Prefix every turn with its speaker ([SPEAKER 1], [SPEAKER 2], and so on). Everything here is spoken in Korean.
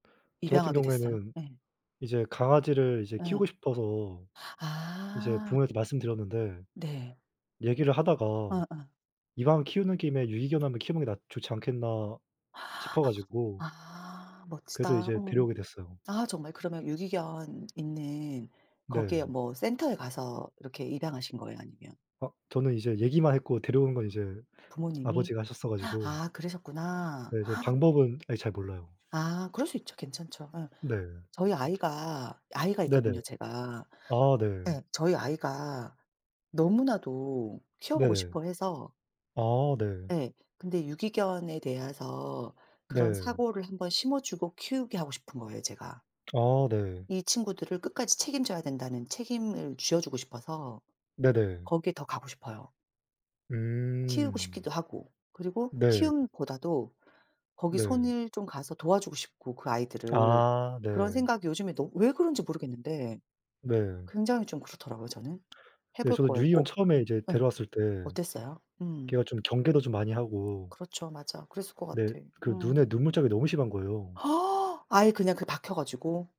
[SPEAKER 1] 저 같은
[SPEAKER 2] 입양하게 됐어요?
[SPEAKER 1] 경우에는
[SPEAKER 2] 예.
[SPEAKER 1] 이제 강아지를 이제 키우고
[SPEAKER 2] 예.
[SPEAKER 1] 싶어서 이제
[SPEAKER 2] 아.
[SPEAKER 1] 부모님한테 말씀 드렸는데
[SPEAKER 2] 네.
[SPEAKER 1] 얘기를 하다가
[SPEAKER 2] 어어.
[SPEAKER 1] '이왕 키우는 김에 유기견을 한번 키워 보는 게 낫 좋지 않겠나.' 싶어 가지고
[SPEAKER 2] 아
[SPEAKER 1] 그래서
[SPEAKER 2] 멋지다.
[SPEAKER 1] 이제
[SPEAKER 2] 음음.
[SPEAKER 1] 데려오게 됐어요.
[SPEAKER 2] 아 정말 그러면 유기견 있는 거기에
[SPEAKER 1] 네.
[SPEAKER 2] 뭐 센터에 가서 이렇게 입양하신 거예요? 아니면
[SPEAKER 1] 아 저는 이제 얘기만 했고 데려오는 건 이제
[SPEAKER 2] 부모님이?
[SPEAKER 1] 아버지가 하셨어 가지고
[SPEAKER 2] 아 그러셨구나.
[SPEAKER 1] 네 전 방법은 아직 잘 몰라요.
[SPEAKER 2] 아 그럴 수 있죠. 괜찮죠. 어.
[SPEAKER 1] 네.
[SPEAKER 2] 저희 아이가 아이가
[SPEAKER 1] 네네.
[SPEAKER 2] 있거든요 제가.
[SPEAKER 1] 아 네.
[SPEAKER 2] 예. 저희 아이가 너무나도 키워 보고
[SPEAKER 1] 네네.
[SPEAKER 2] 싶어 해서
[SPEAKER 1] 아 네.
[SPEAKER 2] 예. 근데 유기견에 대해서 그런
[SPEAKER 1] 네.
[SPEAKER 2] 사고를 한번 심어주고 키우게 하고 싶은 거예요 제가.
[SPEAKER 1] 아 네.
[SPEAKER 2] 이 친구들을 끝까지 책임져야 된다는 책임을 쥐어 주고 싶어서
[SPEAKER 1] 네네.
[SPEAKER 2] 거기에 더 가고 싶어요. 키우고
[SPEAKER 1] 음.
[SPEAKER 2] 싶기도 하고 그리고
[SPEAKER 1] 네.
[SPEAKER 2] 키움보다도 거기
[SPEAKER 1] 네.
[SPEAKER 2] 손을 좀 가서 도와주고 싶고 그 아이들을.
[SPEAKER 1] 아
[SPEAKER 2] 그런
[SPEAKER 1] 네.
[SPEAKER 2] 생각 요즘에 너 왜 그런지 모르겠는데
[SPEAKER 1] 네.
[SPEAKER 2] 굉장히 좀 그렇더라고요 저는. 해
[SPEAKER 1] 네.
[SPEAKER 2] 볼
[SPEAKER 1] 저도
[SPEAKER 2] 거예요
[SPEAKER 1] 유기견
[SPEAKER 2] 꼭.
[SPEAKER 1] 처음에
[SPEAKER 2] 음
[SPEAKER 1] 이제
[SPEAKER 2] 예
[SPEAKER 1] 데려왔을 때
[SPEAKER 2] 어땠어요? 음.
[SPEAKER 1] 걔가 좀 경계도 좀 많이 하고
[SPEAKER 2] 그렇죠. 맞아. 그랬을 것
[SPEAKER 1] 네
[SPEAKER 2] 같아.
[SPEAKER 1] 그
[SPEAKER 2] 음.
[SPEAKER 1] 눈에 눈물 자국이 너무 심한 거예요.
[SPEAKER 2] 아예 그냥 그 박혀 가지고.